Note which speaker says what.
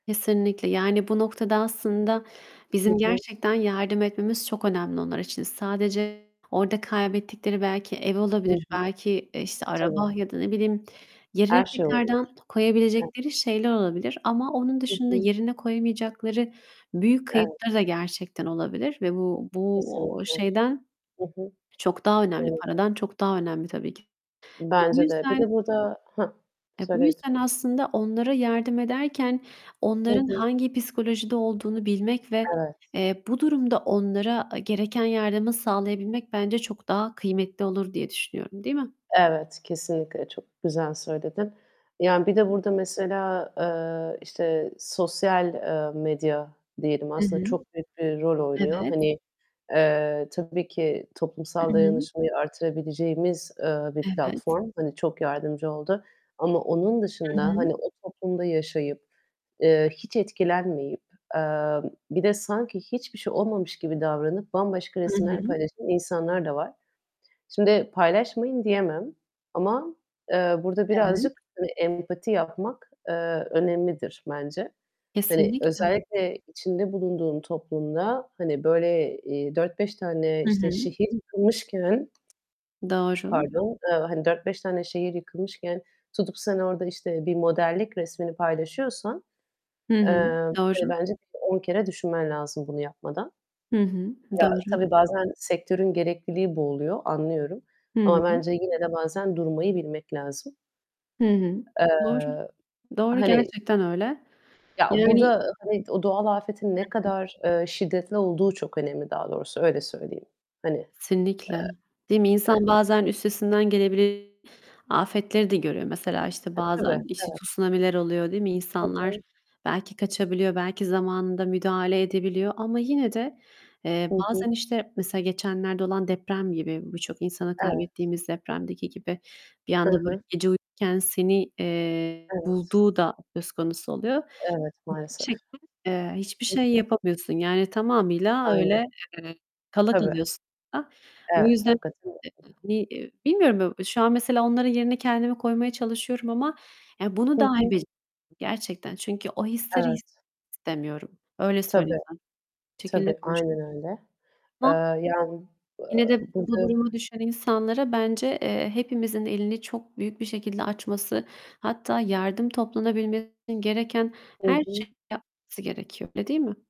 Speaker 1: Kesinlikle. Yani bu noktada aslında
Speaker 2: Hı
Speaker 1: bizim
Speaker 2: hı.
Speaker 1: gerçekten yardım etmemiz çok önemli onlar için. Sadece orada kaybettikleri belki ev
Speaker 2: Hı
Speaker 1: olabilir,
Speaker 2: hı.
Speaker 1: belki işte araba
Speaker 2: Tabii.
Speaker 1: ya da, ne bileyim, yerine
Speaker 2: Her şey olabilir.
Speaker 1: tekrardan
Speaker 2: Eve
Speaker 1: koyabilecekleri şeyler olabilir. Ama onun
Speaker 2: Hı
Speaker 1: dışında
Speaker 2: hı.
Speaker 1: yerine koyamayacakları büyük
Speaker 2: Evet.
Speaker 1: kayıpları da gerçekten olabilir ve bu bu o
Speaker 2: Kesinlikle.
Speaker 1: şeyden
Speaker 2: Hı hı.
Speaker 1: çok daha önemli,
Speaker 2: Evet.
Speaker 1: paradan çok daha önemli tabii ki. Ve bu
Speaker 2: Bence de. Bir
Speaker 1: yüzden
Speaker 2: de burada Hah,
Speaker 1: Eee, bu
Speaker 2: söyle
Speaker 1: yüzden
Speaker 2: lütfen.
Speaker 1: aslında onlara yardım ederken
Speaker 2: Hı
Speaker 1: onların
Speaker 2: hı.
Speaker 1: hangi psikolojide olduğunu bilmek ve,
Speaker 2: Evet.
Speaker 1: eee, bu durumda onlara gereken yardımı sağlayabilmek bence çok daha kıymetli olur diye düşünüyorum, değil mi?
Speaker 2: Evet, kesinlikle. Çok güzel söyledin. Yani bir de burada mesela, eee, işte sosyal, eee, medya diyelim
Speaker 1: Hı
Speaker 2: aslında
Speaker 1: hı.
Speaker 2: çok büyük bir rol oynuyor.
Speaker 1: Evet.
Speaker 2: Hani, eee, tabii ki toplumsal
Speaker 1: [unintelligible]
Speaker 2: dayanışmayı artırabileceğimiz, eee, bir
Speaker 1: Evet.
Speaker 2: platform. Hani çok yardımcı oldu ama onun
Speaker 1: Hı
Speaker 2: dışında
Speaker 1: hı.
Speaker 2: hani o toplumda yaşayıp, eee, hiç etkilenmeyip, eee, bir de sanki hiçbir şey olmamış gibi davranıp bambaşka
Speaker 1: Hı
Speaker 2: resimler
Speaker 1: hı.
Speaker 2: paylaşan insanlar da var. Şimdi "Paylaşmayın." diyemem ama, eee, burada
Speaker 1: Evet.
Speaker 2: birazcık hani empati yapmak, eee, önemlidir bence. Hani
Speaker 1: Kesinlikle.
Speaker 2: özellikle içinde bulunduğun toplumda hani böyle, eee, 4-5 tane
Speaker 1: Hı
Speaker 2: işte
Speaker 1: hı.
Speaker 2: şehir yıkılmışken,
Speaker 1: Doğru.
Speaker 2: pardon, eee, hani 4-5 tane şehir yıkılmışken tutup sen orada işte bir modellik resmini paylaşıyorsan,
Speaker 1: Hı
Speaker 2: eee,
Speaker 1: hı,
Speaker 2: hani
Speaker 1: doğru.
Speaker 2: bence bir 10 kere düşünmen lazım bunu yapmadan.
Speaker 1: Hı hı,
Speaker 2: Ya,
Speaker 1: doğru.
Speaker 2: tabii bazen sektörün gerekliliği bu oluyor, anlıyorum
Speaker 1: Hı
Speaker 2: ama
Speaker 1: hı.
Speaker 2: bence yine de bazen durmayı bilmek lazım.
Speaker 1: Hı hı, doğru.
Speaker 2: Eee,
Speaker 1: Doğru,
Speaker 2: hani
Speaker 1: gerçekten öyle.
Speaker 2: Ya,
Speaker 1: Yani
Speaker 2: burada hani o doğal afetin
Speaker 1: Hı
Speaker 2: ne
Speaker 1: hı.
Speaker 2: kadar, eee, şiddetli olduğu çok önemli daha doğrusu, öyle söyleyeyim. Hani, eee,
Speaker 1: Kesinlikle. Değil mi? İnsan
Speaker 2: yani.
Speaker 1: bazen üstesinden gelebile afetleri de göremez. Mesela işte
Speaker 2: E, tabii,
Speaker 1: bazen işte
Speaker 2: evet.
Speaker 1: tsunamiler oluyor, değil mi?
Speaker 2: Hı
Speaker 1: İnsanlar
Speaker 2: hı.
Speaker 1: belki kaçabiliyor, belki zamanında müdahale edebiliyor ama yine de,
Speaker 2: Hı
Speaker 1: eee,
Speaker 2: hı.
Speaker 1: bazen işte mesela geçenlerde olan deprem gibi, birçok insanı
Speaker 2: Evet.
Speaker 1: kaybettiğimiz depremdeki gibi bir
Speaker 2: Hı
Speaker 1: anda böyle
Speaker 2: hı.
Speaker 1: gece uyurken seni, eee,
Speaker 2: Evet.
Speaker 1: bulduğu da söz konusu oluyor.
Speaker 2: Evet,
Speaker 1: Bir
Speaker 2: maalesef.
Speaker 1: şekilde, eee, hiçbir
Speaker 2: Hı
Speaker 1: şey
Speaker 2: hı.
Speaker 1: yapamıyorsun. Yani tamamıyla
Speaker 2: Aynen.
Speaker 1: öyle, eee, kala
Speaker 2: Tabii.
Speaker 1: kalıyorsun da. Bu
Speaker 2: Evet,
Speaker 1: yüzden,
Speaker 2: hakikaten.
Speaker 1: [unintelligible]
Speaker 2: [unintelligible]
Speaker 1: hani, eee, bilmiyorum. Şu an mesela onların yerine kendimi koymaya çalışıyorum ama yani bunu
Speaker 2: Hı
Speaker 1: dahi
Speaker 2: hı.
Speaker 1: bec Gerçekten çünkü o hisleri [unintelligible]
Speaker 2: Evet.
Speaker 1: istemiyorum. Öyle söyleyeyim
Speaker 2: Tabii.
Speaker 1: sana. Çekilme
Speaker 2: Tabii.
Speaker 1: konuş
Speaker 2: Aynen öyle.
Speaker 1: [unintelligible]
Speaker 2: Eee, yani, eee,
Speaker 1: Yine de bu bu
Speaker 2: bugün
Speaker 1: duruma düşen insanlara bence, eee, hepimizin elini çok büyük bir şekilde açması, hatta yardım toplanabilmesi için gereken
Speaker 2: Hı
Speaker 1: her
Speaker 2: hı.
Speaker 1: şeyin yapması gerekiyor, öyle değil mi?